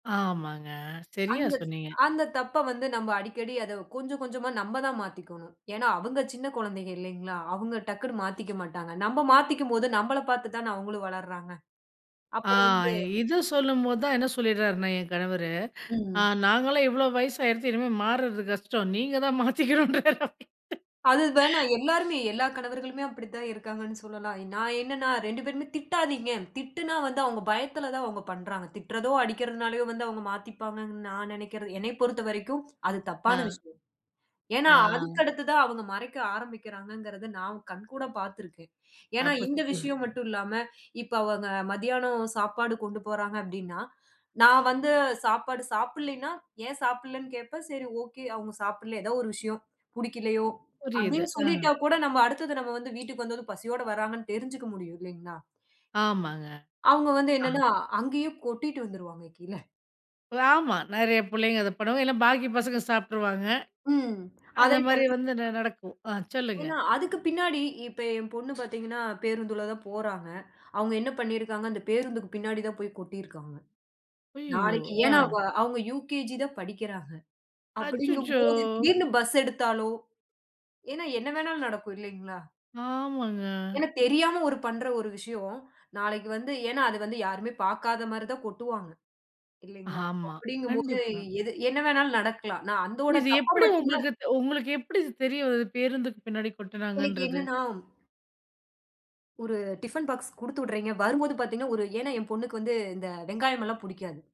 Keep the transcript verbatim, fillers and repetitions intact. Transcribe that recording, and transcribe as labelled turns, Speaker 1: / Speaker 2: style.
Speaker 1: ஆமாங்க. சரியா
Speaker 2: அந்த
Speaker 1: சொன்னீங்க.
Speaker 2: அந்தத் தப்ப வந்து நம்ம அடிக்கடி அத கொஞ்சம் கொஞ்சமா நம்ம தான் மாத்திக்கோணும். ஏன்னா, அவங்க சின்னக் குழந்தைங்க இல்லைங்களா, அவங்க டக்குன்னு மாத்திக்க மாட்டாங்க. நம்ம மாத்திக்கும்போது நம்மள பார்த்துத் தான அவங்களும் வளர்றாங்க.
Speaker 1: அ
Speaker 2: அப்போ வந்து
Speaker 1: இத சொல்லும்போது என்ன சொல்லிடாருன்னா என் கணவரு, அ
Speaker 2: ம்.
Speaker 1: நாங்கல்லாம் இவ்ளோ வயசாயிருச்சு. இனிமே, மாறுறது கஷ்டம். நீங்க தான் மாத்திக்கணும்றாரு.
Speaker 2: அது, வேணா எல்லாருமே எல்லா கணவர்களுமே அப்டி தான் இருக்காங்கன்னு சொல்லலாம். நான் என்னன்னா, ரெண்டு பேருமே திட்டாதீங்க. திட்டுனா, வந்து அவங்க பயத்துல தான் அவங்க பண்றாங்க. திட்டுறதோ, அடிக்கிறதுனாலே வந்து அவங்க மாத்திப்பாங்கன்னு நான் நெனைக்கறது என்னை பொறுத்தவரைக்கும் அது தப்பான
Speaker 1: அ.
Speaker 2: விஷயம். ஏன்னா, அதுக்கு
Speaker 1: அ.
Speaker 2: அடுத்து தான் அவங்க மறைக்க ஆரம்பிக்கிறாங்கங்கிறதை நான் கண்கூட பாத்திருக்கேன். ஏன்னா,
Speaker 1: அப்ப
Speaker 2: இந்த
Speaker 1: [unintelligible]
Speaker 2: விஷயம் மட்டும் இல்லாம, இப்ப அவங்க மத்தியானம் சாப்பாடு கொண்டு போறாங்க அப்டின்னா, நான் வந்து சாப்பாடு சாப்பிடலைன்னா, ஏன் சாப்பிடலைன்னு கேப்பேன், சரி ஓகே. அவங்க சாப்பிடலை ஏதோ ஒரு விஷயம் பிடிக்கலையோ,
Speaker 1: புரியுது.
Speaker 2: அப்டின்னு சொல்லிட்டா
Speaker 1: அ.
Speaker 2: கூட நம்ம அடுத்தது நம்ம வந்து வீட்டுக்கு வந்து பசியோட வர்றாங்கன்னு தெரிஞ்சுக்க முடியும் இல்லைங்களா?
Speaker 1: ஆமாங்க,
Speaker 2: அவங்க, வந்து
Speaker 1: அ.
Speaker 2: என்னன்னா, அங்கேயே கொட்டிட்டு வந்துருவாங்க, கீழ.
Speaker 1: ஆமா. நெறைய புள்ளைங்க இத பண்ணுவாங்க. இல்ல பாக்கி பசங்க சாப்பிட்டுருவாங்க.
Speaker 2: ம்.
Speaker 1: அந்த
Speaker 2: அதைப்
Speaker 1: மாரி
Speaker 2: பண்ணறப்
Speaker 1: வந்து ந
Speaker 2: அ
Speaker 1: நடக்கும். அ சொல்லுங்க.
Speaker 2: ஏன்னா, அதுக்கு பின்னாடி இப்ப என் பொண்ணு பாத்தீங்கன்னா, பேருந்துல தான் போறாங்க. அவங்க, என்ன பண்ணிருக்காங்க? அந்தப் பேருந்துக்கு பின்னாடி தான் போய் கொட்டிருக்காங்க.
Speaker 1: அய்யயோ,
Speaker 2: நாளைக்கு,
Speaker 1: அ.
Speaker 2: ஏன்னா அவ அவங்க யுகேஜி தான் படிக்கிறாங்க.
Speaker 1: அச்சச்சோ!
Speaker 2: அப்டிங்கும்போது திடீர்னு பஸ் எடுத்தாலோ, ஏன்னா என்ன வேணாலும் நடக்கும் இல்லைங்களா?
Speaker 1: ஆமாங்க.
Speaker 2: ஏன்னா, தெரியாம ஒரு பண்ற ஒரு விஷயம் நாளைக்கு வந்து, ஏன்னா, அது வந்து யாருமே பாக்காத மாரி தான் கொட்டுவாங்க, இல்லீங்களா.
Speaker 1: ஆமா.
Speaker 2: அப்டிங்கும்போது
Speaker 1: கண்டிப்பா.
Speaker 2: எது என்ன வேணாலும் நடக்கலாம். நான் அந்தத்
Speaker 1: இது,
Speaker 2: தப்ப
Speaker 1: எப்டி
Speaker 2: மட்டும்தான்
Speaker 1: உங்களுக்கு தோ உங்களுக்கு எப்டி இது தெரியும். பேருந்து பின்னாடி
Speaker 2: எனக்கு
Speaker 1: கொட்டுனாங்கன்றது?
Speaker 2: என்னன்னா ஒரு டிஃபன் பாக்ஸ் குடுத்துடுறீங்க. வரும்போது பாத்தீங்கன்னா ஒரு ஏன்னா, என் பொண்ணுக்கு வந்து இந்த வெங்காயம் எல்லாம் புடிக்காது.